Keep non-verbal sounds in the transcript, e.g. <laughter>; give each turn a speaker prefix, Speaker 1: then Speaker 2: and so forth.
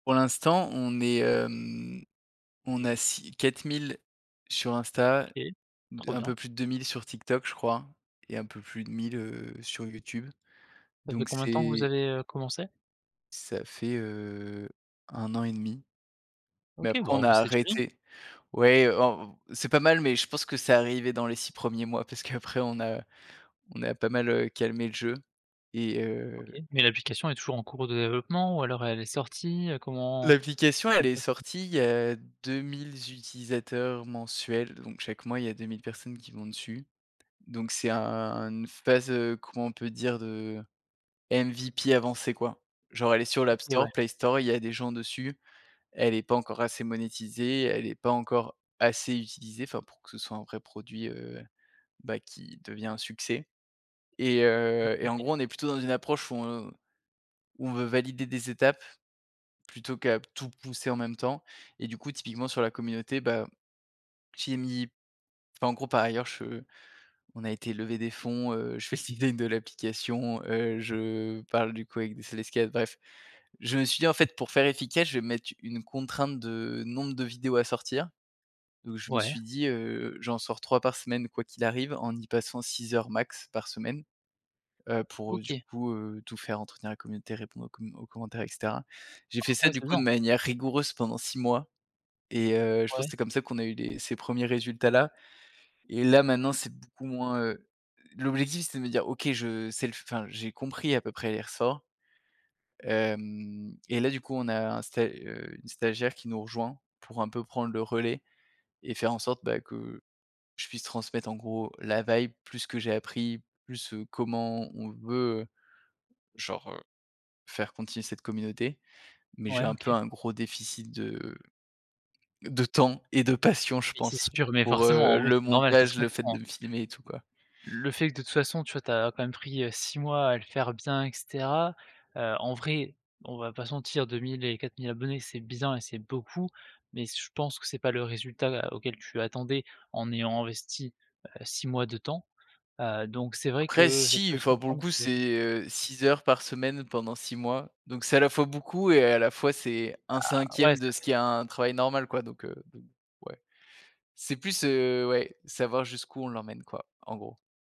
Speaker 1: Pour l'instant, on est, hem, on a 6 4000 sur Insta,
Speaker 2: OK,
Speaker 1: d
Speaker 2: trop
Speaker 1: un
Speaker 2: bien.
Speaker 1: peu plus de 2000 sur TikTok je crois, et un peu plus de 1000, heu, sur YouTube.
Speaker 2: Ça fait
Speaker 1: Donc
Speaker 2: combien de temps que vous
Speaker 1: c'est
Speaker 2: avez, heu, commencé?
Speaker 1: Ca fait, heu, 1 an et 1/2
Speaker 2: OK,
Speaker 1: mais après
Speaker 2: bah
Speaker 1: on
Speaker 2: on va
Speaker 1: a
Speaker 2: essayer de gérer.
Speaker 1: arrêté. Ouais, on c'est pas mal, mais je pense que c'est arrivé dans les 6 premiers mois parce qu'après on a on a pas mal, heu, calmé le jeu et
Speaker 2: OK,
Speaker 1: heu
Speaker 2: mais l'application elle est toujours en cours de développement ou alors elle est sortie, heu, comment
Speaker 1: L'application
Speaker 2: comment
Speaker 1: elle est
Speaker 2: ça se passe?
Speaker 1: sortie, il y a 2000 utilisateurs mensuels, donc chaque mois il y a 2000 personnes qui vont dessus. Donc c'est un un une phase, heu, comment on peut dire, de MVP avancée quoi. Genre elle est sur l'App
Speaker 2: OK ouais.
Speaker 1: Store, Play Store, il y a des gens dessus. Elle est pas encore assez monétisée. Elle est pas encore assez utilisée, enfin, pour que ce soit un vrai produit, heu, bah, qui devient un succès et
Speaker 2: Oui
Speaker 1: heu et en
Speaker 2: OK.
Speaker 1: gros, on est plutôt dans une approche où on où on veut valider des étapes plutôt qu'à tout pousser en même temps et du coup typiquement sur la communauté, bah, j'y ai mis enfin en gros par ailleurs je on a été lever des fonds, heu, je fais le <unintelligible> de l'application. Heu, je parle du coup avec des <unintelligible> bref. Je me suis dit en fait pour faire efficace, je vais me mettre une contrainte de nombre de vidéos à sortir. Donc je me
Speaker 2: Ouais.
Speaker 1: suis dit, heu: «J'en sors 3 par semaine quoi qu'il arrive, en y passant 6 heures max par semaine». Heu, pour du
Speaker 2: OK.
Speaker 1: coup, heu, tout faire, entretenir la communauté, répondre aux com aux commentaires, et cetera. J'ai
Speaker 2: Ah
Speaker 1: fait ça
Speaker 2: ouais,
Speaker 1: du
Speaker 2: c'est
Speaker 1: coup de
Speaker 2: bien.
Speaker 1: manière rigoureuse pendant 6 mois, et heu, je pense que
Speaker 2: Ouais.
Speaker 1: c'est comme ça qu'on a eu les ces premiers résultats là et là, maintenant, c'est beaucoup moins heu, l'objectif, c'est de me dire: «OK, je sais le fai enfin j'ai compris à peu près les ressorts». Hem, et là du coup on a un sta heu, une stagiaire qui nous rejoint pour un peu prendre le relais, et faire en sorte, bah, que je puisse transmettre en gros la vibe, plus que j'ai appris, plus, heu, comment on veut, heu, genre, heu, faire continuer cette communauté. Mais j'ai
Speaker 2: Ouais
Speaker 1: un
Speaker 2: OK.
Speaker 1: peu un gros déficit de de temps et de passion je
Speaker 2: Mais c'est
Speaker 1: pense
Speaker 2: sûr. Mais
Speaker 1: pour,
Speaker 2: forcément,
Speaker 1: heu,
Speaker 2: en vrai
Speaker 1: le
Speaker 2: c'est normal, ça se
Speaker 1: montage, le fait de
Speaker 2: comprend
Speaker 1: me filmer et tout quoi.
Speaker 2: le fait que de toute façon tu as tu as quand même pris, heu, 6 mois à le faire bien et cetera, heu, en vrai on va pas se mentir 2000 et 4000 abonnés c'est bien, et c'est beaucoup. Mais je pense que c'est pas le résultat à auquel tu attendais en ayant investi, heu, 6 mois de temps. Heu, donc c'est vrai
Speaker 1: Après
Speaker 2: que ça
Speaker 1: si,
Speaker 2: peut se
Speaker 1: enfin, pour le
Speaker 2: comprendre
Speaker 1: coup
Speaker 2: que
Speaker 1: c'est, heu, 6 heures par semaine pendant 6 mois. Donc c'est à la fois beaucoup, et à la fois c'est un
Speaker 2: Bah, ouais
Speaker 1: cinquième
Speaker 2: ça
Speaker 1: de ce
Speaker 2: fait
Speaker 1: qui est un travail normal quoi, donc, heu, ouais, c'est plus, heu, ouais, savoir jusqu'où on l'emmène quoi en gros.